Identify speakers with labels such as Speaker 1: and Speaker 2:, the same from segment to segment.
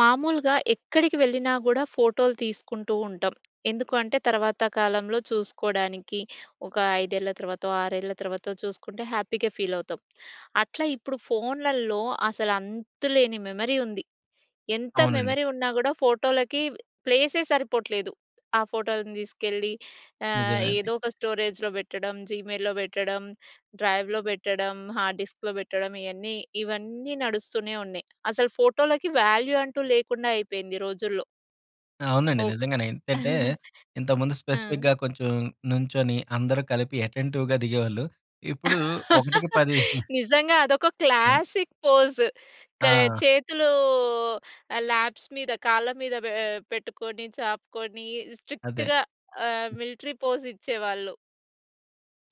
Speaker 1: మామూలుగా ఎక్కడికి వెళ్ళినా గూడా ఫోటో‌లు తీసుకుంటూ ఉంటాం. ఎందుకు అంటే, తరువాత కాలంలో చూసుకోడానికి ఒక 5ఏళ్ల తర్వా‌తో 6ఏళ్ల తర్వా‌తో చూసుకుంటే హ్యాపీ‌గా ఫీల్ అవుతాం. అట్లా ఇప్పుడు ఫోన్‌లలో అసలు అంతులేని మెమరీ ఉంది. ఎంత
Speaker 2: అవునండి.
Speaker 1: మెమరీ ఉన్న గూడా ఫోటోలకి ప్లేస్ సరిపోవట్లేదు. ఆ ఫోటోలను తీసుకెళ్ళి ఆహ్,
Speaker 2: నిజమే అండి.
Speaker 1: ఏదో ఒక స్టోరేజ్‌లో పెట్టడం, జీమెయిల్‌లో పెట్టడం, డ్రైవ్‌లో పెట్టడం, హార్డ్ డిస్క్‌లో పెట్టడం ఇయన్నీ ఇవన్నీ నడుస్తూనేవున్నాయి అసలు ఫోటోలకి వాల్యూ అంటూ లేకుండా అయిపోయింది ఈ రోజుల్లో.
Speaker 2: అవునండి.
Speaker 1: ఒక్ దా
Speaker 2: నిజంగానే ఏంటంటే, ఇంతకుముందు
Speaker 1: ఆ!
Speaker 2: స్పెసిఫిక్‌గా కొంచెం నుంచొని, అందరూ కలిపి అటెంటివ్‌గా దిగేవాళ్ళు. ఇప్పుడు ఒకటికి పది
Speaker 1: నిజంగా అదొక
Speaker 2: హ్మ్.
Speaker 1: Classic pose. క
Speaker 2: ఆ!
Speaker 1: చేతులు ల్యాప్స్ మీద కాళ్ళ మీద పే పెట్టుకొని, చాపుకొని
Speaker 2: అదే.
Speaker 1: స్ట్రిక్ట్‌గా ఆహ్, మిలిటరీ పోజ్ ఇచ్చేవాళ్ళు.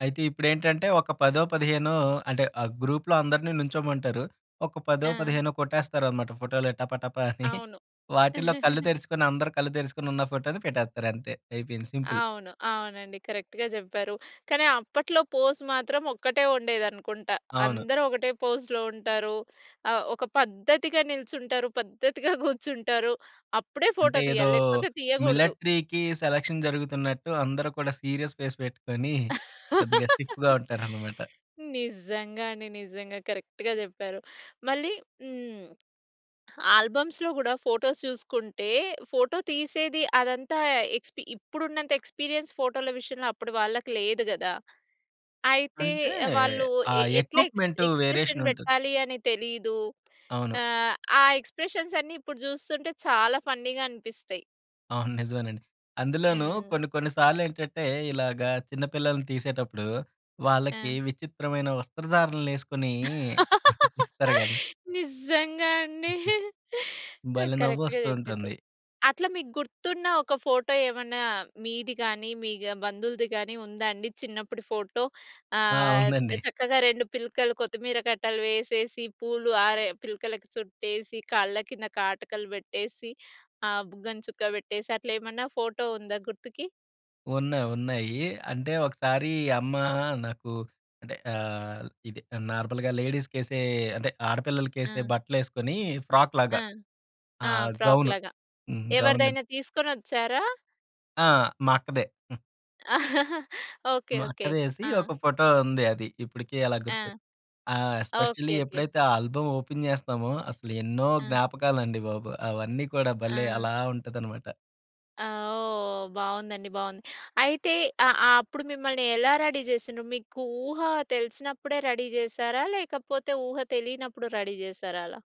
Speaker 2: అయితే ఇప్పుడేంటంటే, ఒక పదో, పదిహేనో అంటే ఆ గ్రూప్‌లో అందరిని నిల్చోమంటారు ఒక పదో,
Speaker 1: ఆ!
Speaker 2: పదిహేనో కొట్టేస్తారు అన్నమాట ఫోటో‌లు టప టప అని
Speaker 1: అవును.
Speaker 2: వాటిలో కళ్ళు తెరుచుకొని అందరు కళ్ళు తెరుచుకొని ఉన్న ఫోటో‌ని పెట్టేస్తారు అంతే. అయిపోయింది. సింపుల్.
Speaker 1: అవును. అవునండి కరెక్ట్‌గా చెప్పారు. కానీ అప్పట్లో పోజ్ మాత్రం ఒక్కటే ఉండేది అనుకుంటా.
Speaker 2: అవును.
Speaker 1: అందరూ ఒకటే పోజ్‌‌లో ఉంటారు ఆహ్, ఒక పద్ధతిగా నిల్చుంటారు, పద్ధతిగా కూర్చుంటారు. అప్పుడే
Speaker 2: అంటే
Speaker 1: ఫోటో
Speaker 2: ఏదో,
Speaker 1: తీయాలి. లేకపోతే తీయకూడదు.
Speaker 2: మిలటరీ‌కి సెలక్షన్ జరుగుతున్నట్టు అందరూ కూడా సీరియస్ ఫేస్ పెట్టుకొని కొద్దిగా స్టిఫ్‌గా ఉంటారన్నమాట.
Speaker 1: నిజంగా అండి. నిజంగా. కరెక్ట్‌గా చెప్పారు. మళ్ళీ హ్మ్. ఆల్బమ్స్‌లో గూడా ఫోటోస్ చూసుకుంటే, ఫోటో తీసేది అదంతా ఎక్స్‌పి ఇప్పుడు ఉన్నంత ఎక్స్‌పీరియన్స్ ఫోటో‌ల విషయంలో అప్పుడు వాళ్ళకి లేదు గదా! అయితే
Speaker 2: అంటే
Speaker 1: వాళ్ళు
Speaker 2: ఆ!
Speaker 1: ఎ ఎట్లా ఎక్స్‌
Speaker 2: ఎక్విప్‌మెంట్ వేరియేషన్
Speaker 1: ఎక్స్‌ప్రెషన్
Speaker 2: ఉంటుంది.
Speaker 1: పెట్టాలి అనే తెలీదు.
Speaker 2: అవును.
Speaker 1: ఆహ్, ఆ ఎక్స్‌ప్రెషన్స్ అన్నీ ఇప్పుడు చూస్తుంటే చాలా ఫన్నీ‌గా అనిపిస్తాయి.
Speaker 2: అవును. నిజమేనండి. అందులోనూ
Speaker 1: ఆ!
Speaker 2: కొన్ని కొన్నిసాల్లేంటంటే, ఇలాగా చిన్న పిల్లల్ని తీసేటప్పుడు, వాళ్ళకీ
Speaker 1: ఆ!
Speaker 2: విచిత్రమైన వస్త్రధారణలేసుకొనీ తీస్తారు గదా!
Speaker 1: నిజ్జంగా అండి.
Speaker 2: భలే
Speaker 1: కరక్ట్‌గా
Speaker 2: నవ్వొస్తూ
Speaker 1: చెప్పిన్రు.
Speaker 2: ఉంటుంది.
Speaker 1: అట్లా మీకు గుర్తున్న ఒక ఫోటో ఏమన్నా మీది గానీ, మీ గా బంధువులుది గానీ ఉందా అండి చిన్నప్పుడి ఫోటో?
Speaker 2: ఆ!
Speaker 1: ఆహ్,
Speaker 2: ఉందండి.
Speaker 1: చక్కగా 2 పిలకలు కొత్తిమీర కట్టలు వేసేసి, పూలు ఆరె పిలకలకు చుట్టేసి, కళ్ళ కింద కాటుకలు పెట్టేసి, ఆహ్, బుగ్గన చుక్క పెట్టేసి, అట్లేమన్నా ఫోటో ఉందా గుర్తుకి?
Speaker 2: ఉన్నాయి ఉన్నాయ్యీ. అంటే, ఒకసారీ అమ్మా నాకు అంటే, ఆ‌‌హ్, ఇది నార్మల్‌గా లేడీస్‌కేసే అంటే, ఆడపిల్లలకేసే
Speaker 1: ఆ!
Speaker 2: బట్టలేసుకొనీ ఫ్రాక్‌లాగా,
Speaker 1: ఆ! ఆ!
Speaker 2: ఆహ్, గౌను.
Speaker 1: ఫ్రాక్‌లాగా.
Speaker 2: హ్మ్. గౌన్‌లెం
Speaker 1: ఎవరిదైనా తీసుకొనొచ్చారా?
Speaker 2: ఆ! మా అక్కదే. హ్మ్.
Speaker 1: ఓకే.
Speaker 2: మా
Speaker 1: ఓకే.
Speaker 2: అక్కదేసీ
Speaker 1: ఆ!
Speaker 2: ఒక ఫోటో ఉంది అది. ఇప్పుడుకీ అలా
Speaker 1: ఆ!
Speaker 2: గుర్తు. ఆ!
Speaker 1: ఓకే.
Speaker 2: Specially
Speaker 1: okay.
Speaker 2: ఎప్పుడైతే, ఆ ఆల్బమ్ ఓపెన్ చేస్తామో, అసలు ఎన్నో
Speaker 1: ఆ!
Speaker 2: జ్ఞాపకాలండి బాబు. అవన్నీ కూడా భలే
Speaker 1: ఆ!
Speaker 2: అలా ఉంటదనమాట.
Speaker 1: ఆ! ఓహ్, బాగుందండి బాగుంది. అయితే అ అప్పుడు మిమ్మల్ని ఎలా రెడీ చేసిండ్రు? మీకు ఊహ తెలిసినప్పుడే రెడీ చేసారా లేకపోతే ఊహ తెలియనప్పుడు రెడీ చేసారా అలా?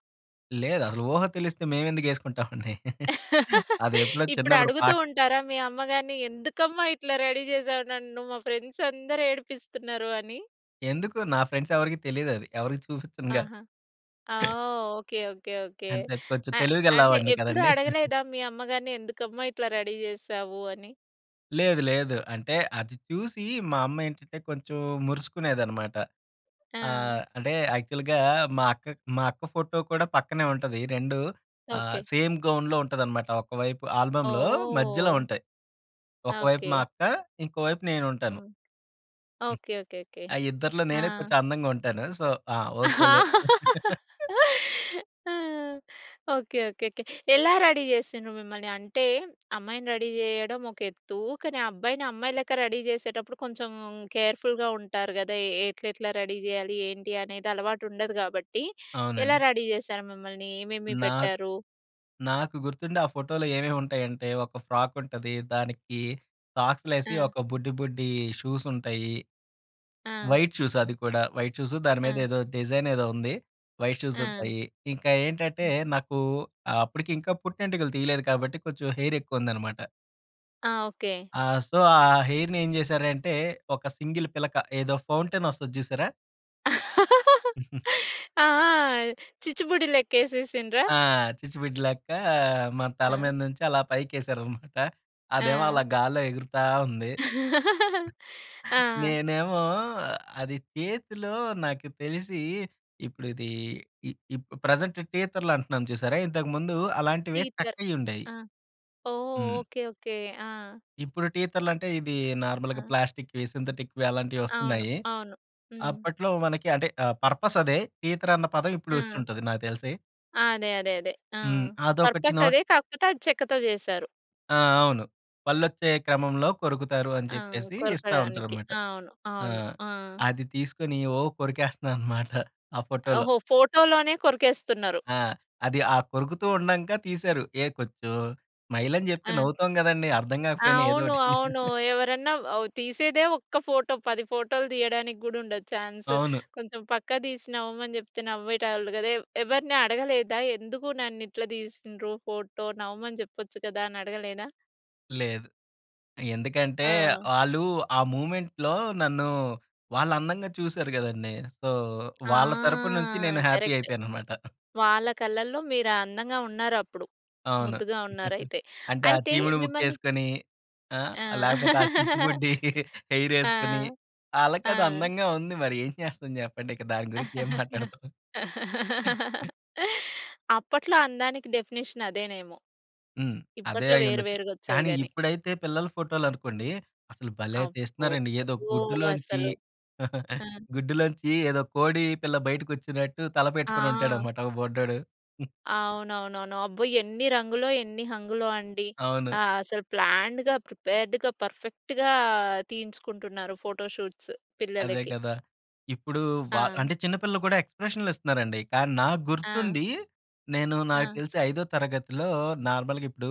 Speaker 2: లేదసలు ఊహ తెలిస్తే మేమెందుకు వేసుకుంటాం అండి. అది ఎప్పుడో
Speaker 1: ఇప్పుడు
Speaker 2: చిన్నప్పుడు పా
Speaker 1: అడుగుతూ ఉంటారా మీ అమ్మ గారిని? ఎందుకమ్మా ఇట్లా రెడీ చేసావ్ నన్ను. మా ఫ్రెండ్స్ అందరూ ఏడిపిస్తున్నారు అని?
Speaker 2: ఎందుకు నా ఫ్రెండ్స్ ఎవరికీ తెలియదది. ఎవరికి చూపించనుగా.
Speaker 1: ఆహా! ఓహ్! ఓకే. ఓకే. ఓకే.
Speaker 2: అంటే కొంచెం
Speaker 1: అ
Speaker 2: తెలివిగళ్ళ
Speaker 1: అంటే
Speaker 2: వాడిని
Speaker 1: ఎప్పుడు
Speaker 2: కదండీ.
Speaker 1: అడగలేదా మీ అమ్మగారిని, ఎందుకమ్మా ఇట్లా రెడీ చేసావు అని?
Speaker 2: లేదు లేదు. అంటే అది చూసి మా అమ్మ ఏంటంటే కొంచెం మురుసుకునేదన్నమాట. ఆహ్,
Speaker 1: ఆ!
Speaker 2: అంటే యాక్చువల్‌గా మా అక్క మా అక్క ఫోటో కూడా పక్కనే ఉంటది. 2 ఆహ్,
Speaker 1: ఓకే.
Speaker 2: సేమ్ గౌన్‌లో ఉంటదన్నమాట. ఒక వైపు ఆల్బమ్‌లో మధ్యలో
Speaker 1: ఓహ్!
Speaker 2: ఉంటాయి. ఒకవైపు మా
Speaker 1: ఓకే.
Speaker 2: అక్క, ఇంకో వైపు నేనుంటాను.
Speaker 1: హ్మ్.
Speaker 2: హ్మ్.
Speaker 1: ఓకే. ఓకే. ఓకే.
Speaker 2: ఆ ఇద్దరిలో
Speaker 1: ఆ!
Speaker 2: నేనే కొంచెం అందంగా ఉంటాను. సో, ఆ! ఓకే లే.
Speaker 1: ఓకే. ఓకే. ఓకే. ఎలా రెడీ చేసిండ్రు మిమ్మల్ని. అంటే అమ్మాయిని రెడీ చేయడం ఒక ఎత్తు. కానీ ఆ అబ్బాయిని అమ్మాయి లెక్క రెడీ చేసేటప్పుడు కొంచెం కేర్‌ఫుల్‌గా ఉంటారు కదా! ఏ ఎట్లెట్లా రెడీ చేయాలి? ఏంటి అనేది అలవాటు ఉండదు కాబట్టి, ఎలా
Speaker 2: అవునండి.
Speaker 1: రెడీ చేసారు మిమ్మల్ని? ఏమేమి
Speaker 2: నాక్
Speaker 1: పెట్టారు?
Speaker 2: నాకు గుర్తుండి ఆ ఫోటోలో ఏమేమి ఉంటాయంటే ఒక ఫ్రాక్ ఉంటది. దానికి సాక్స్‌లు వేసి
Speaker 1: ఆ!
Speaker 2: ఒక బుడ్డి బుడ్డి షూస్ ఉంటాయి.
Speaker 1: ఆ!
Speaker 2: వైట్ షూస్ అది కూడా వైట్ షోస్ దాని మీద
Speaker 1: ఆ!
Speaker 2: ఏదో డిజైన్ ఏదో ఉంది. వైట్ షూస్
Speaker 1: ఆ!
Speaker 2: ఉంటాయి. ఇంకా ఏంటంటే నాకు అప్పటికి ఇంకా పుట్టింటికలు తీయలేదు కాబట్టి, కొంచెం హెయిర్ ఎక్కువ ఉందన్నమాట.
Speaker 1: ఆ! ఓకే.
Speaker 2: ఆ! సో ఆ హెయిర్‌ని ఏం చేశారంటే ఒక సింగిల్ పిలక ఏదో ఫౌంటైన్ వస్తది చూసారా?
Speaker 1: ఆ! ఆ! చిచ్చుబుడి లెక్కేసేసిండ్ర?
Speaker 2: ఆ! చిచ్చుబుడ్డి లెక్క మా తల
Speaker 1: ఆ!
Speaker 2: మీద నుంచి అలా పైకేశారన్నమాట. అదేమో
Speaker 1: ఆ!
Speaker 2: అలా గాల్లో ఎగురుతా ఉంది.
Speaker 1: ఆ!
Speaker 2: నేనేమో అది చేతిలో నాకు తెలిసి ఇప్పుడు ఇది ఈ ఇప్పు ప్రెజెంట్ టీతర్‌లు అంటున్నాం చూసారా? ఇంతకు ముందు అలాంటివి
Speaker 1: టీతర్.
Speaker 2: చక్కయి ఉండేయి.
Speaker 1: ఆ! ఓహ్!
Speaker 2: హ్మ్.
Speaker 1: Okay okay. ఆ!
Speaker 2: ఇప్పుడు టీతర్‌లు అంటే ఇది నార్మల్‌గా
Speaker 1: ఆ!
Speaker 2: ప్లాస్టిక్‌వి, సింథటిక్‌వి అలాంటివి
Speaker 1: అవును,
Speaker 2: వస్తున్నాయి.
Speaker 1: అవును. హ్మ్.
Speaker 2: అప్పట్లో మనకి, అంటే ఆహ్, పర్పస్ అదే టీతర్ అన్న పదం ఇప్పుడు వచ్చి
Speaker 1: ఆ!
Speaker 2: ఉంటది నాకు తెలిసి.
Speaker 1: అదే, అదే, అదే. ఆ!
Speaker 2: హ్మ్. అదొకటి
Speaker 1: పర్పస్
Speaker 2: నోట్
Speaker 1: అదే కాకపోతే అది చెక్కతో చేసారు.
Speaker 2: ఆ! అవును. పళ్ళు వచ్చే క్రమంలో కొరుకుతారు అని
Speaker 1: ఆ!
Speaker 2: చెప్పేసి ఇస్తా
Speaker 1: కొరకడానికి.
Speaker 2: ఉంటారనమాట.
Speaker 1: అవును,
Speaker 2: ఆ!
Speaker 1: అవును. ఆ!
Speaker 2: అది తీసుకొని ఓహ్! కొరికేస్తున్నా అన్నమాట. ఆ ఫోటోలో.
Speaker 1: ఓహో! ఫోటో‌లోనే కొరికేస్తున్నరు.
Speaker 2: ఆ! అది ఆ కొరుకుతూ ఉండంక తీశారు. ఏ కొచ్చు స్మైల్ అని చెప్తే
Speaker 1: ఆ!
Speaker 2: నవ్వుతాం గదండీ. అర్థం కాకపోయినా ఏదో
Speaker 1: అవును,
Speaker 2: ఒకటి.
Speaker 1: అవును. ఎవరన్నా తీసేదే ఒక్క ఫోటో 10 ఫోటో‌లు తీయడానికి కూడా ఉండదు చాన్స్.
Speaker 2: అవును.
Speaker 1: కొంచెం పక్క తీసి నవ్వమని చెప్తే నవ్వేటోళ్ళు కదా! ఎవరిని అడగలేదా ఎందుకు ననిట్లా తీసిండ్రు ఫోటో? నవ్వమని చెప్పచ్చు కదా అనే అడగలేదా?
Speaker 2: లేదు. ఎందుకంటే,
Speaker 1: ఆ!
Speaker 2: వాళ్ళు ఆ మూవ్‌మెంట్‌లో నన్ను వాళ్ళు అందంగా చూసారు కదండీ. సో,
Speaker 1: ఆ!
Speaker 2: వాళ్ళ తరపు నుంచి నేను హ్యాపీ
Speaker 1: కరెక్ట్.
Speaker 2: అయిపోయాను అన్నమాట.
Speaker 1: వాళ్ళ కళ్ళలో మీరు అందంగా ఉన్నారు అప్పుడు.
Speaker 2: అవును.
Speaker 1: ముద్దుగా ఉన్నారు అయితే.
Speaker 2: అంటే ఆ
Speaker 1: అయితే
Speaker 2: చీముడు ముక్కు
Speaker 1: మిమ్మల్ని
Speaker 2: వేసుకొని, ఆ!
Speaker 1: ఆ!
Speaker 2: లేకపోతే ఆ చిచ్చుబుడ్డి హెయిర్
Speaker 1: ఆ!
Speaker 2: వేసుకొని ఆళ్ళకది
Speaker 1: ఆ!
Speaker 2: అందంగా ఉంది మరి ఏం చేస్తాం చెప్పండి ఇక దాన్ని గురించి ఏం మాట్లాడుతాం.
Speaker 1: అప్పట్లో అందానికి డెఫినిషన్ అదేనేమో!
Speaker 2: హ్మ్. అదే
Speaker 1: ఇప్పట్లో వేరు
Speaker 2: అయ్యుండొచ్చు.
Speaker 1: వేరుగా వచ్చాయి
Speaker 2: కానీ
Speaker 1: గాని.
Speaker 2: ఇప్పుడైతే పిల్లల ఫోటోలు అనుకోండి అసలు భలే
Speaker 1: అబ్బో!
Speaker 2: తీస్తున్నారండి. ఏదో గుడ్డులోంచి,
Speaker 1: అసలు ఆ!
Speaker 2: గుడ్డులోంచి ఏదో కోడి పిల్ల బయటకి వచ్చినట్టు తల పెట్టుకొని ఉంటాడు
Speaker 1: ఆ!
Speaker 2: అన్నమాట ఒక బుడ్డోడు.
Speaker 1: అవునవునవును. అబ్బో! ఎన్ని రంగులో, ఎన్ని హంగులో అండి!
Speaker 2: అవును.
Speaker 1: అసలు ప్లాన్‌డ్‌గా ప్రిపేర్డ్‌గా పర్‌ఫెక్ట్‌గా తీయించుకుంటున్నారు ఫోటో షూట్స్
Speaker 2: అదే
Speaker 1: పిల్లలకి.
Speaker 2: కదా! ఇప్పుడు వ
Speaker 1: ఆ!
Speaker 2: అంటే చిన్న పిల్లలు కూడా ఎక్స్‌ప్రెషన్‌లు ఇస్తున్నారండి. కానీ నాకు
Speaker 1: ఆ!
Speaker 2: గుర్తుండి, నేను నాకు
Speaker 1: ఆ!
Speaker 2: తెలిసి ఐదో తరగతిలో నార్మల్‌గా ఇప్పుడు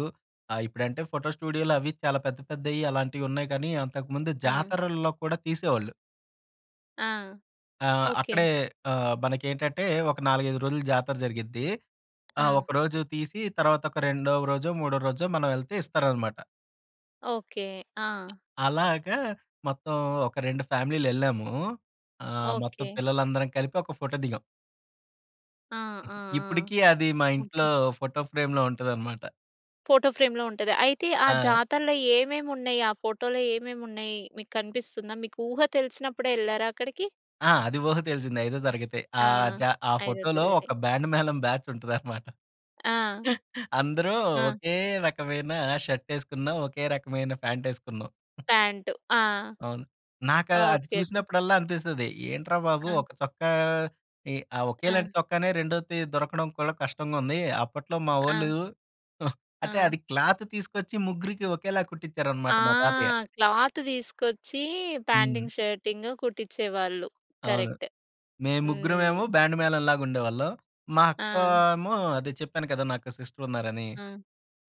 Speaker 2: ఇప్పుడంటే ఫోటో స్టూడియోలు అవి చాలా పెద్ద పెద్దయి అలాంటివి ఉన్నాయి కానీ అంతకుముందు
Speaker 1: ఆ!
Speaker 2: జాతరల్లో కూడా తీసేవాళ్ళు.
Speaker 1: ఆ!
Speaker 2: ఆ!
Speaker 1: ఓకే.
Speaker 2: అక్కడే ఆహ్, మనకేంటంటే ఒక 4, 5 రోజులు జాతర జరిగిద్ది. ఆ
Speaker 1: ఆ!
Speaker 2: ఒకరోజు తీసి, తర్వాత ఒక రెండో రోజో, మూడో రోజో, మనం వెళ్తే ఇస్తారన్నమాట.
Speaker 1: ఓకే. ఆ!
Speaker 2: అలాగా మొత్తం ఒక 2 ఫ్యామిలీలెళ్ళాము. ఆహ్, మొత్తం
Speaker 1: ఓకే.
Speaker 2: పిల్లలందరం కలిపి ఒక ఫోటో దిగాం.
Speaker 1: ఆ! ఆ!
Speaker 2: ఇప్పటికి
Speaker 1: ఆ!
Speaker 2: అది మా ఇంట్లో
Speaker 1: ఓకే.
Speaker 2: ఫోటో ఫ్రేమ్‌లో ఉంటదన్నమాట.
Speaker 1: ఫోటో ఫ్రేమ్‌లో ఉంటది. అయితే ఆ
Speaker 2: ఆ!
Speaker 1: జాతరలో ఏమేమి ఉన్నాయి? ఆ ఫోటోలో ఏమేమి ఉన్నాయి? మీకనిపిస్తుందా? మీకు ఊహ తెలిసినప్పుడే, వెళ్ళారా అక్కడికి?
Speaker 2: ఆ! అది ఊహ తెలిసింది. ఐదో తరగతి. ఆ
Speaker 1: ఆ!
Speaker 2: జా ఆ
Speaker 1: ఐదో
Speaker 2: ఫోటో‌లో
Speaker 1: తరగతి.
Speaker 2: ఒక బ్యాండ్ మేళం బ్యాచ్ ఉంటదన్నమాట.
Speaker 1: ఆ!
Speaker 2: అందరూ
Speaker 1: ఆ!
Speaker 2: ఒకే రకమైన షర్ట్ వేసుకున్నాం. ఒకే రకమైన ప్యాంట్ వేసుకున్నాం.
Speaker 1: ప్యాంట్. ఆ!
Speaker 2: అవును. నాకు అది
Speaker 1: ఓకే. ఓకే.
Speaker 2: చూసినప్పుడల్లా అనిపిస్తది. ఏంట్రా బాబు!
Speaker 1: ఆ!
Speaker 2: ఒక చొక్కా, ఇ ఆ ఒకేలాంటి
Speaker 1: ఆ!
Speaker 2: చొక్కానే రెండోది దొరకడం కూడా కష్టంగా ఉంది. అప్పట్లో మా వోళ్ళు
Speaker 1: ఆ!
Speaker 2: అంటే
Speaker 1: ఆ!
Speaker 2: అది క్లాత్ తీసుకొచ్చి, ముగ్గురికి ఒకేలా
Speaker 1: ఆ!
Speaker 2: కుట్టించారన్నమాట మా తాతయ్య.
Speaker 1: క్లాత్ తీసుకొచ్చి
Speaker 2: హ్మ్.
Speaker 1: ప్యాంటింగ్, షర్టింగ్ కుట్టించేవాళ్ళు.
Speaker 2: అవును.
Speaker 1: కరెక్ట్.
Speaker 2: మేము
Speaker 1: హ్మ్.
Speaker 2: ముగ్గురమేమో బ్యాండ్ మేళంలాగా ఉండేవాళ్ళం. మా అక్క
Speaker 1: ఆ!
Speaker 2: ఏమో అదే చెప్పాను కదా! నాకో సిస్టర్ ఉన్నారని.
Speaker 1: హ్మ్.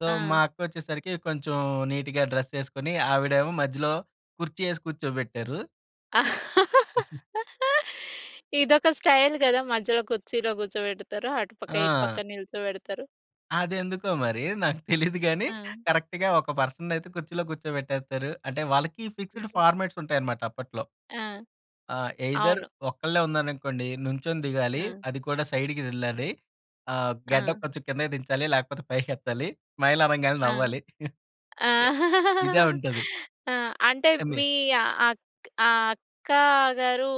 Speaker 2: సో
Speaker 1: ఆ!
Speaker 2: మా అక్క వచ్చేసరికి, కొంచెం నీట్‌గా డ్రెస్ వేసుకొని ఆవిడేమో మధ్యలో కుర్చీ వేసి కూర్చోబెట్టారు.
Speaker 1: ఇదొక స్టైల్ కదా! మధ్యలో కుర్చీలో కూర్చోబెడతారు. అటుపక్క ఇటుపక్క
Speaker 2: ఆ!
Speaker 1: నిల్చోబెడతారు.
Speaker 2: అది ఎందుకో మరి! నాకు తెలీదు గాని
Speaker 1: ఆ!
Speaker 2: కరెక్ట్‌గా ఒక పర్సన్‌ని అయితే కుర్చీలో కూర్చోబెట్టేస్తారు. అంటే వాళ్ళకి ఫిక్స్‌డ్
Speaker 1: ఓకె.
Speaker 2: ఫార్మాట్స్ ఉంటాయన్నమాట అప్పట్లో.
Speaker 1: ఆ!
Speaker 2: ఆ! ఎ‌‌య్‌దర్
Speaker 1: అవును.
Speaker 2: ఒక్కళ్ళే ఉన్నాననుకోండి, నుం‌చొని దిగాలి.
Speaker 1: ఆ!
Speaker 2: అది కూడా సైడ్‌కి వెళ్ళాలి. ఆహ్, గడ్డం
Speaker 1: ఆ!
Speaker 2: కొంచెం కిందకి దించాలి లేకపోతే పైకి ఎత్తాలి. స్మైల్ అనంగానే
Speaker 1: ఆ!
Speaker 2: నవ్వాలి. ఇదే ఉంటది.
Speaker 1: ఆ! అంటే
Speaker 2: ఎమ్మె
Speaker 1: మీ అక్ ఆహ్, అక్కగారు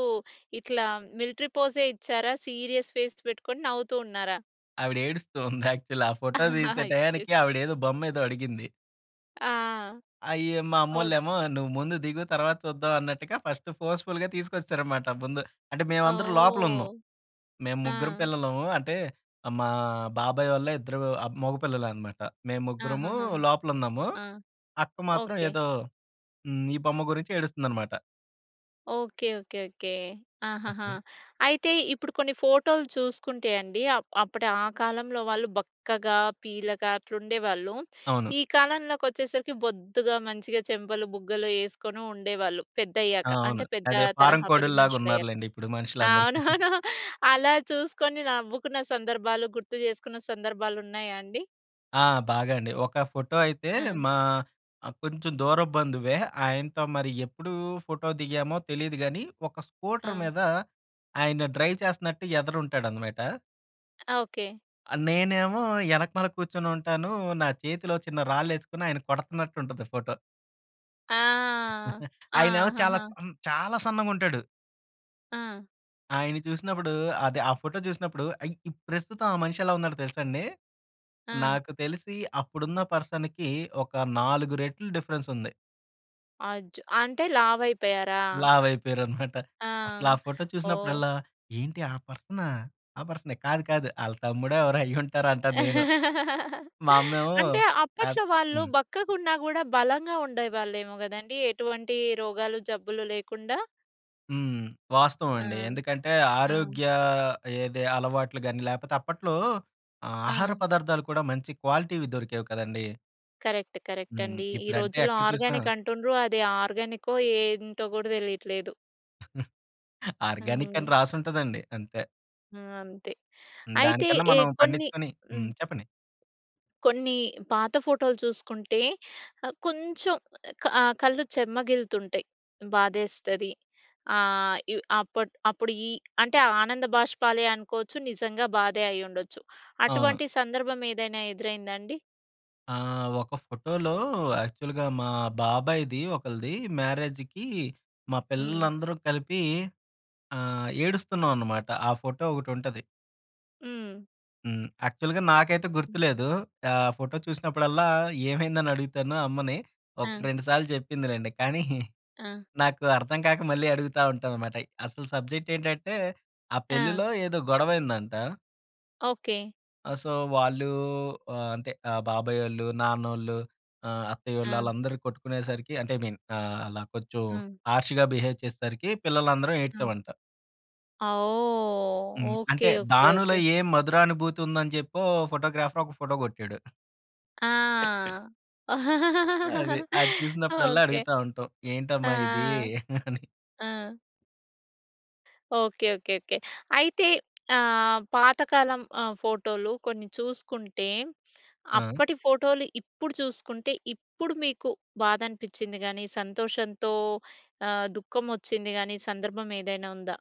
Speaker 1: ఇట్లా మిలిటరీ పోజే ఇచ్చారా! సీరియస్ ఫేస్ పెట్టుకొని? నవ్వుతూ ఉన్నారా?
Speaker 2: ఆవిడ ఏడుస్తూ ఉంది యాక్చువల్లీ. ఆ ఫోటో తీసే‌టయానికి
Speaker 1: [unintelligible]
Speaker 2: ఆవిడ ఏదో బొమ్మ ఏదో అడిగింది.
Speaker 1: ఆ!
Speaker 2: అయ్యో! మా
Speaker 1: ఓకె.
Speaker 2: అమ్మోల్లేమో నువ్వు ముందు దిగు, తర్వాత చూద్దాం అన్నట్టుగా ఫస్ట్ ఫోర్స్‌ఫుల్‌గా తీసుకొచ్చేసారన్నమాట ముందు. అంటే మేమందరం లోపల ఉన్నాం.
Speaker 1: ఓహ్!
Speaker 2: మేము ముగ్గురం
Speaker 1: ఆ!
Speaker 2: పిల్లలము అంటే ఆహ్, మా బాబాయ్ వాళ్ళ ఇద్దరు ఆహ్, మగపిల్లలే అన్నమాట. మేము ముగ్గురము
Speaker 1: ఆహాహాహా!
Speaker 2: లోపల ఉన్నాము.
Speaker 1: ఆ!
Speaker 2: అక్క మాత్రం
Speaker 1: ఓకె.
Speaker 2: ఏదో హ్మ్. ఈ బొమ్మ గురించి ఏడుస్తుందన్నమాట.
Speaker 1: ఓకే. ఓకే. ఓకే. ఆహాహా! అయితే ఇప్పుడు కొన్ని ఫోటోలు చూసుకుంటే అండి ఆహ్, అప్పుడు ఆ కాలంలో వాళ్ళు బక్కగా పీలగా అట్లుండేవాళ్ళు.
Speaker 2: అవును.
Speaker 1: ఈ కాలంలోకి వచ్చేసరికి బొద్దుగా, మంచిగా, చెంపలు బుగ్గలు వేసుకొని ఉండేవాళ్ళు పెద్దయ్యాక.
Speaker 2: ఆ! అవును.
Speaker 1: అంటే పెద్ద
Speaker 2: అదే ఫారెన్
Speaker 1: తరహా పెద్ద
Speaker 2: కోడుల్లాగ
Speaker 1: మనుషులయ్యాక.
Speaker 2: ఉన్నారులెండి ఇప్పుడు మనుషులందరూ.
Speaker 1: అవునవును. అలా చూసుకొని నవ్వుకున్న సందర్భాలు, గుర్తు చేసుకున్న సందర్భాలు ఉన్నాయా అండి?
Speaker 2: ఆ! బాగా అండి. ఒక ఫోటో అయితే
Speaker 1: ఆ!
Speaker 2: మా ఆహ్, కొంచుం దూరపు బంధువే. ఆయనతో మరి ఎప్పుదూ ఫోటో దిగామో తెలీదు గానీ, ఒక స్కూటర్
Speaker 1: ఆ!
Speaker 2: మీదా ఆయన డ్రైవ్ చేస్తన్నట్టు ఎదర ఉంటాడనమాట.
Speaker 1: ఆ! ఓకే.
Speaker 2: ఆహ్, నేనేమో యెనకమాల కూర్చొనుంటానూ, నా చేతిలో చిన్న రాళ్ళేసుకొని ఆయన్ని కొడుతన్నట్టుంటది ఫోటో.
Speaker 1: ఆ! ఆ!
Speaker 2: ఆయనేమో చాలాచ్
Speaker 1: ఆహాహా!
Speaker 2: అన్ చాలా సన్నగుంటాడు.
Speaker 1: ఆ!
Speaker 2: ఆయన్ని చూసినప్పుడూ అదే ఆ ఫోటో చూసినప్పుడు, ఐ ఇప్ ప్రస్తుతం ఆ మనిషెలా ఉన్నాడో తెలుసండి?
Speaker 1: ఆ!
Speaker 2: నాకు తెలిసి అప్పుడున్న పర్సన్‌కి ఒక 4 రెట్లు డిఫరెన్సుంది.
Speaker 1: అజ్ అంటే, లావయిపోయారా?
Speaker 2: లావయిపోయారనమాట.
Speaker 1: ఆ!
Speaker 2: అసలు ఆ ఫోటో
Speaker 1: ఓహ్!
Speaker 2: చూసినప్పుడల్లా, "ఏంటి ఆ పర్సనా? ఆ పర్సనే. కాదు, కాదు. ఆళ్ళ తమ్ముడో, ఎవరో అయ్యుంటారు" అంటాను నేను. మా అమ్మేమో,
Speaker 1: అంటే,
Speaker 2: అద్
Speaker 1: అప్పట్లో వాళ్ళు
Speaker 2: హ్మ్.
Speaker 1: బక్కగున్నా గూడా బలంగా ఉండేవాళ్ళేమో గదండీ! ఎటువంటీ రోగాలు, జబ్బులు లేకుండా.
Speaker 2: హ్మ్.
Speaker 1: ఆ!
Speaker 2: వాస్తవమండి. ఎందుకంటే,
Speaker 1: ఆ!
Speaker 2: ఆరోగ్యా ఏదే అలవాట్లు గానీ, లేపోతే అప్పట్లో ఆహ్, ఆహార
Speaker 1: ఆ!
Speaker 2: పదార్థాలు కూడా మంచి క్వాలిటీ‌వి దొరికేవి కదండీ!
Speaker 1: కరెక్ట్.
Speaker 2: హ్మ్.
Speaker 1: కరెక్టండీ! ఈ
Speaker 2: ఇప్పుడంటే
Speaker 1: రోజుల్లో
Speaker 2: ఎక్కడ చూసినా
Speaker 1: ఆర్గానిక్ అంటుండ్రు! అది ఆర్గానిక్కో ఏంటో గూడా తెలీట్లేదు!
Speaker 2: ఆర్గానిక్కని
Speaker 1: హ్మ్.
Speaker 2: రాసుంటదండి. అంతే.
Speaker 1: ఆ! అంతే.
Speaker 2: హ్మ్.
Speaker 1: అయితే,
Speaker 2: దానికన్నా
Speaker 1: ఎ
Speaker 2: మనం
Speaker 1: కొన్ని
Speaker 2: పండిచ్చుకొని హ్మ్.
Speaker 1: హ్మ్.
Speaker 2: చెప్పండి.
Speaker 1: కొన్నీ పాత ఫోటోలు చూసుకుంటే, ఆహ్, కొంచుం ఆహ్, క కళ్ళు చెమ్మగిల్లుతుంటాయి. బాధేస్తది. ఆహ్, ఇవ్ అప్పట్ అప్పుడుయీ అంటే, ఆనంద భాష్పాలే అనుకోచ్చు. నిజంగా బాధే అయ్యుండొచ్చు.
Speaker 2: అవును.
Speaker 1: అటువంటి సందర్భమేదైనా ఎదురైందాండి?
Speaker 2: ఆ! ఒక ఫోటోలో యాక్చువల్‌గా మా బాబాయ్‌ది ఒకళ్ళది మ్యారేజికీ, మా
Speaker 1: హ్మ్.
Speaker 2: పిల్లలందరూ కలిపీ ఆహ్, ఏడుస్తున్నావనమాట. ఆ ఫోటో ఒకటుంటది.
Speaker 1: హ్మ్.
Speaker 2: హ్మ్. యాక్చువల్‌గా నాకైతే
Speaker 1: హ్మ్.
Speaker 2: గుర్తులేదూ. ఆహ్, ఫోటో చూసినప్పుడల్లా ఏమైందనడుగుతాను అమ్మని. ఒకటి
Speaker 1: ఆ!
Speaker 2: రెండు సాల్లు చెప్పిందిలేండి, కానీ
Speaker 1: ఆ!
Speaker 2: నాకు అర్థం కాక మళ్ళీ అడుగుతా ఉంటాననమాట. అసలు సబ్జెక్టేంటంటే, ఆ
Speaker 1: ఆ!
Speaker 2: పెళ్ళిలో ఏదో గొడవైయిందంటా
Speaker 1: ఓకే.
Speaker 2: ఆ! సో, వాళ్ళూ ఆహ్, అంటే, ఆహ్, బాబాయోళ్ళు, నాన్నోళ్ళు ఆహ్, అత్తయ్యోళ్ళు,
Speaker 1: ఆ!
Speaker 2: ఆళ్ళందరూ కొట్టుకునేసరికి అంటే, ఐ మీన్ ఆహ్, అలా కొంచెం
Speaker 1: హ్మ్.
Speaker 2: హర్ష్‌గా బిహేవ్ చేసేసరికి, పిల్లలందరం
Speaker 1: హ్మ్.
Speaker 2: ఏడ్చామంట.
Speaker 1: ఆ! ఓహ్!
Speaker 2: హ్మ్. అంటే,
Speaker 1: ఓకె. ఓకె.
Speaker 2: దానిలో
Speaker 1: ఓకె.
Speaker 2: ఏ మధురానుభూతి ఉందని చెప్పో ఫోటోగ్రాఫర్ ఒక ఫోటో కొట్టాడు.
Speaker 1: ఆ!
Speaker 2: అది. అది చూసినప్పుడల్లా
Speaker 1: ఓకె.
Speaker 2: అడుగుతా ఉంటాం.
Speaker 1: ఆ!
Speaker 2: ఏంటమ్మా ఇదీ! అని.
Speaker 1: ఆ! ఓకె. ఓకె. ఓకె. అయితే ఆహ్, పాతకాలం ఆహ్, ఫోటో‌లు కొన్ని చూసుకుంటే,
Speaker 2: ఆ!
Speaker 1: అప్పటి ఫోటో‌లు ఇప్పుడు చూసుకుంటే, ఇప్పుడు మీకు బాద అనిపిచ్చిం‌ది గాని, సంతోషంతో ఆహ్, దుఃఖం వచ్చింది గాని సందర్భం ఏదైనా ఉందా?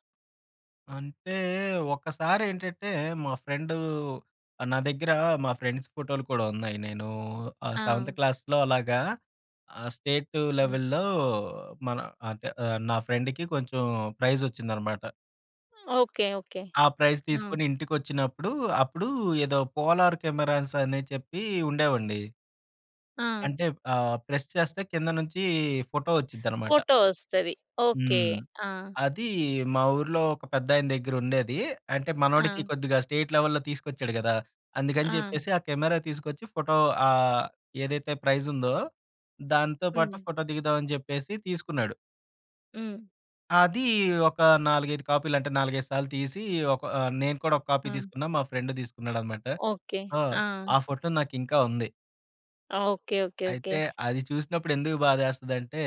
Speaker 2: అంటే ఒక్కసారి ఏంటంటే, మా ఫ్రెండ్ ఆహ్, నా దగ్గర మా ఫ్రెండ్స్ ఫోటో‌లు కూడా ఉన్నాయి. నేను ఆహ్, సెవెంత్
Speaker 1: ఆ!
Speaker 2: క్లాస్‌లో అలాగా ఆహ్, స్టేట్
Speaker 1: ఆ!
Speaker 2: లెవెల్‌లో మన అంటే ఆహ్, నా ఫ్రెండ్‌కి కొంచెం ప్రైజ్ వచ్చిందన్నమాట.
Speaker 1: ఓకె. ఓకె.
Speaker 2: ఆ ప్రైజ్
Speaker 1: హ్మ్.
Speaker 2: తీసుకొని ఇంటికి వచ్చినప్పుడు, అప్పుడు ఏదో పోలార్ కెమెరాస్ అని చెప్పి ఉండేవండి.
Speaker 1: ఆ!
Speaker 2: అంటే, ఆహ్, ప్రెస్ చేస్తే కింద నుంచి ఫోటో వచ్చుద్దన్నమాట.
Speaker 1: ఫోటో వస్తది. ఓకె.
Speaker 2: హ్మ్.
Speaker 1: ఆ!
Speaker 2: అది మా ఊరిలో ఒక పెద్దాయన దగ్గర ఉండేది. అంటే మనోడికి
Speaker 1: ఆ!
Speaker 2: కొద్దిగా స్టేట్ లెవెల్లో తీసుకొచ్చాడు కదా! అందుకని
Speaker 1: ఆ!
Speaker 2: చెప్పేసి ఆ కెమెరా తీసుకొచ్చి ఫోటో ఆహ్, ఏదైతే ప్రైజ్ ఉందో దాంతో పాటు
Speaker 1: హ్మ్.
Speaker 2: ఫోటో దిగుదామని చెప్పేసి తీసుకున్నాడు.
Speaker 1: హ్మ్.
Speaker 2: అదీ ఒక 4, 5 కాపీలు. అంటే, నాలుగైదు సాల్లు తీసీ, ఒక ఆహ్, నేను కూడొక కాపీ
Speaker 1: ఆ!
Speaker 2: తీసుకున్నా. మా ఫ్రెండు తీసుకున్నాడనమాట.
Speaker 1: ఓకే.
Speaker 2: ఆ!
Speaker 1: ఆ!
Speaker 2: ఆ ఫోటో నాకింకా ఉంది.
Speaker 1: ఓకే. ఓకే. ఓకే.
Speaker 2: అయితే, అది చూసినప్పుడు ఎందుకు బాధేస్తదంటే,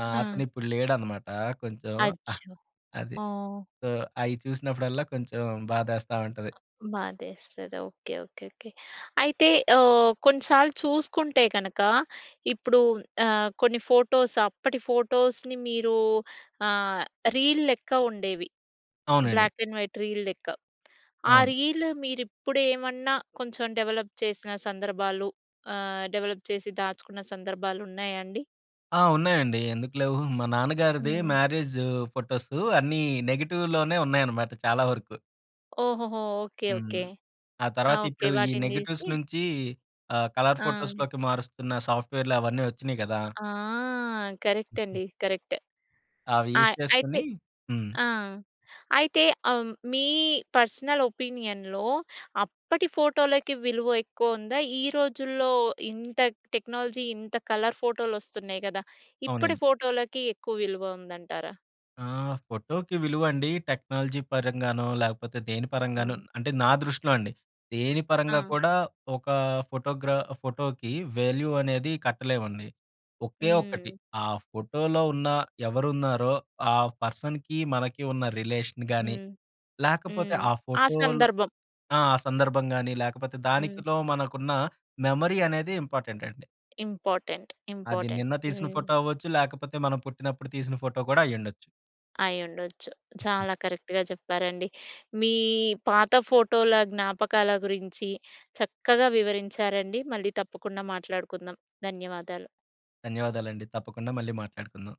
Speaker 2: ఆహ్,
Speaker 1: ఆ!
Speaker 2: అతనిప్పుడు లేడనమాటా. కొంచెం ఆహ్,
Speaker 1: అచ్చో!
Speaker 2: అది.
Speaker 1: ఓహ్!
Speaker 2: సో, అయి చూసినప్పుడల్లా కొంచుం బాధేస్తా ఉంటది.
Speaker 1: బాధేస్తది. ఓకే. ఓకే. ఓకే. అయితే, ఆహ్, కొన్నిసాల్లు చూసుకుంటే కనక, ఇప్పుడు ఆహ్, కొన్ని ఫోటోస్ అప్పటి ఫోటోస్‌ని మీరూ ఆహ్, రీల్ లెక్క ఉండేవి.
Speaker 2: అవునండి.
Speaker 1: బ్లాక్ అండ్ వైట్ రీల్ లెక్క. ఆ
Speaker 2: అవును.
Speaker 1: రీలు మీరిప్పుడేమన్నా కొంచెం డెవలప్ చేసిన సందర్భాలు ఆహ్, డెవలప్ చేసి దాచుకున్న సందర్భాలున్నాయా అండి?
Speaker 2: ఆ! ఉన్నాయండి, ఎందుకు లేవు. మా నాన్నగారిది
Speaker 1: హ్మ్.
Speaker 2: మ్యారేజు ఫోటోసు అన్నీ నెగిటివ్‌లోనే ఉన్నాయనమాట చాలా వరుకు.
Speaker 1: ఓహోహో! ఓకే.
Speaker 2: హ్మ్.
Speaker 1: ఓకే.
Speaker 2: ఆ
Speaker 1: ఆ!
Speaker 2: తర్వాత
Speaker 1: ఓకే.
Speaker 2: ఇప్పుడు ఈ
Speaker 1: వాటిని
Speaker 2: నెగిటివ్స్
Speaker 1: తీసి
Speaker 2: నుంచీ ఆహ్, కలర్
Speaker 1: ఆ!
Speaker 2: ఫోటోస్‌‌లోకి మారుస్తున్న సాఫ్ట్‌వేర్‌లవన్నీ ఒచ్చినియి గదా!
Speaker 1: ఆ! కరెక్టండి. కరక్ట్.
Speaker 2: అవి యూజ్
Speaker 1: ఆహ్, అయితే
Speaker 2: చేసుకొనీ హ్మ్.
Speaker 1: ఆ! అయితే, ఆహ్, మీ పర్సనల్ ఒపీనియన్‌లో అప్పటి ఫోటోలకి విలువ ఎక్కువొందా? ఈ రోజుల్లో ఇంత టెక్నాలజీ ఇంత కలర్ ఫోటోలొస్తున్నాయి గదా! ఇప్పడి
Speaker 2: అవునండి.
Speaker 1: ఫోటోలకి ఎక్కువ విలువ ఉందంటారా?
Speaker 2: ఆహ్, ఫోటోకి విలువండీ టెక్నాలజీ పరంగానో, లేకపోతే దేని పరంగానో
Speaker 1: హ్మ్.
Speaker 2: అంటే, నా దృష్టిలో అండి. దేని పరంగా
Speaker 1: ఆ!
Speaker 2: కూడా ఒకా ఫోటోగ్రా ఫోటోకి వాల్యూ అనేది కట్టలేమండి. ఒకే ఒక్కటి,
Speaker 1: హ్మ్.
Speaker 2: ఆ ఫోటోలో ఉన్న, ఎవరున్నారో ఆ పర్సన్‌కి, మనకి ఉన్న రిలేషన్ గానీ,
Speaker 1: హ్మ్.
Speaker 2: లేకపోతే
Speaker 1: హ్మ్.
Speaker 2: ఆ
Speaker 1: ఆ
Speaker 2: ఫోటోలు
Speaker 1: సందర్భం.
Speaker 2: ఆ! ఆ సందర్భం గానీ, లేకపోతే
Speaker 1: హ్మ్.
Speaker 2: దానికిలో మనకున్నా మెమరీ అనేది ఇంపార్టెంటండి.
Speaker 1: ఇంపార్టెంట్.
Speaker 2: అది
Speaker 1: ఇంపార్టెంట్.
Speaker 2: నిన్న తీసిన
Speaker 1: హ్మ్.
Speaker 2: ఫోటో అవ్వచ్చు, లేకపోతే మనం పుట్టినప్పుడు తీసిన ఫోటో కూడా అయ్యుండచ్చు.
Speaker 1: అయ్యుండొచ్చు. చాలా కరెక్ట్‌గా చెప్పారండి. మీ పాత ఫోటోల జ్ఞాపకాల గురించి చక్కగా వివరించారండి. మళ్ళీ తప్పకుండా మాట్లాడుకుందాం. ధన్యవాదాలు.
Speaker 2: ధన్యవాదాలండి. తప్పకుండా మళ్ళీ మాట్లాడుకుందాం.